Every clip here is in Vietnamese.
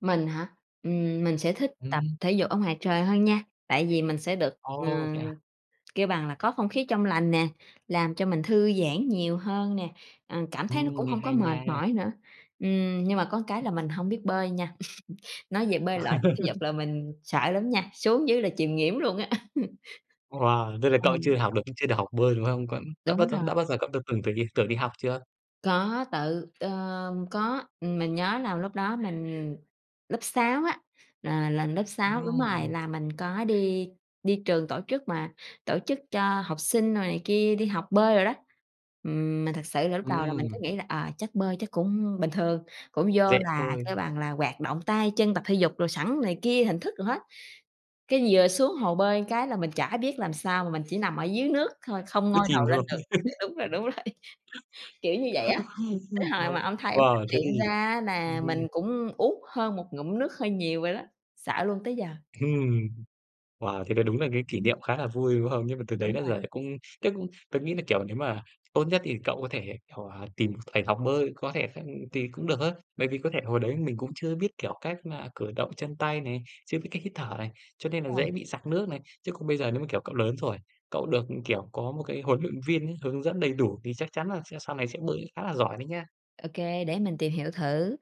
Mình hả? Ừm, mình sẽ thích tập Ừm. thể dục ở ngoài trời hơn nha, tại vì mình sẽ được, Ồ, thế ừm, à? kêu bằng là, có không khí trong lành nè, làm cho mình thư giãn nhiều hơn nè, ờ, cảm thấy nó Ừm, cũng nghe hông có hay mệt nha. mỏi nữa. Ừm, nhưng mà có cái là mình hông biết bơi nha, nói về bơi lội, thể dục là mình sợ lắm nha, xuống dưới là chìm nghỉm luôn á. Wow! Thế là cậu Ừm. chưa học được chưa được học bơi, đúng không? Vẫn đã bao Đúng giờ rồi. đã bao giờ cậu t từng từng đi từng đi học chưa? Có tự ờm, có, ừm, mình nhớ là lúc đó mình lớp 6 á, là là lớp 6 đúng rồi, Ừm. là mình có đi đi trường tổ chức mà tổ chức cho học sinh đồ này kia đi học bơi đồ đó. Ừm, mà thực sự là lúc đầu là mình cứ Ừm. nghĩ là, à, chắc bơi chắc cũng bình thường, cũng vô Dễ là, kêu thôi. bằng là, hoạt động tay chân, tập thể dục đồ sẵn này kia, hình thức đồ hết. Cái vừa xuống hồ bơi cái là mình chả biết làm sao mà mình chỉ nằm ở dưới nước thôi, không Cứ ngoi chìm đầu lên thôi. được. Ờ, đúng rồi, đúng rồi. Kiểu như vậy á, tới hồi W mà ông thầy ổng phát wow! Thế hiện thì ra á ừm, là ừm. mình cũng uống hơn một ngụm nước hơi nhiều rồi đó, sợ luôn tới giờ. Hừm. Wow! Thế là đúng là cái kỷ Ừm. niệm khá là vui, đúng hông? Nhưng mà từ Đúng đấy đã rồi. là cũng tớ cũng tớ nghĩ là, kiểu, nếu mà tốt nhất thì cậu có thể, kiểu, à, tìm thầy học bơi, có thể th thì cũng được á. Bởi vì có thể hồi đấy mình cũng chưa biết, kiểu, cách mà cử động chân tay này, chưa biết cách hít thở này, cho nên là Đúng rồi. dễ bị sặc nước này. Chứ còn bây giờ nếu mà, kiểu, cậu lớn rồi, cậu được, kiểu, có một cái huấn luyện viên nhá, hướng dẫn đầy đủ thì chắc chắn là sẽ sau này sẽ bơi khá là giỏi đấy nhá. Ô kê, để mình tìm hiểu thử.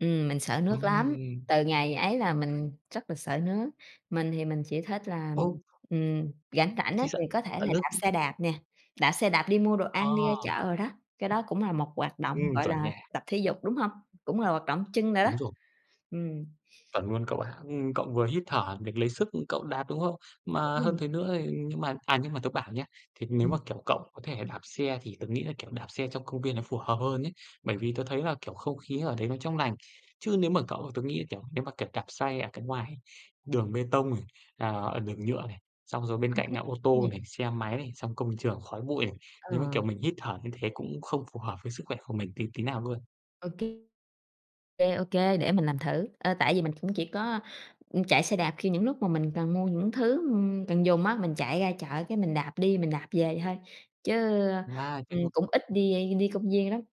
Ừm, mình sợ nước lắm, Ừm. từ ngày ấy là mình rất là sợ nước, mình thì mình chỉ thích là, Ồ! ừm, ừm, rảnh rảnh á Thế thì sợ, có thể à, là nước đạp xe đạp nè, đạp xe đạp đi mua đồ Ờ. ăn, đi ra chợ đồ đó, cái đó cũng là một hoạt động, Ừm, gọi chuẩn là, nha. tập thể dục, đúng hông? Cũng là hoạt động chân đồ đó, Đúng rồi. ừm. Chuẩn luôn cậu ạ. Ừm, cậu vừa hít thở để lấy sức, ừm, cậu đạp, đúng không? Mà hơn Ừm. thế nữa thì nhưng mà, à, nhưng mà tớ bảo nhá, thế nếu mà, Ừm. kiểu, cậu có thể đạp xe thì tớ nghĩ là, kiểu, đạp xe trong công viên nó phù hợp hơn ấy. Bởi vì tớ thấy là, kiểu, không khí ở đấy nó trong lành. Chứ nếu mà cậu tớ nghĩ là, kiểu, nếu mà, kiểu, đạp xe ở cái ngoài đường bê tông này, à, ở đường nhựa này, xong rồi bên Không cạnh khí là ô nè. tô này, xe máy này, xong công trường khói bụi này, nếu mà, kiểu, Ờ. mình hít thở như thế cũng không phù hợp với sức khỏe của mình tí tí nào luôn. Ô kê. Kê, ô kê, để mình làm thử, ờ, tại vì mình cũng chỉ có, ừm, chạy xe đạp khi những lúc mà mình cần mua những thứ, ừm, cần dùng á, mình chạy ra chợ cái mình đạp đi mình đạp về thôi, chứ, Wow! Chạy ừm, ngược cũng ít đi đi công viên lắm.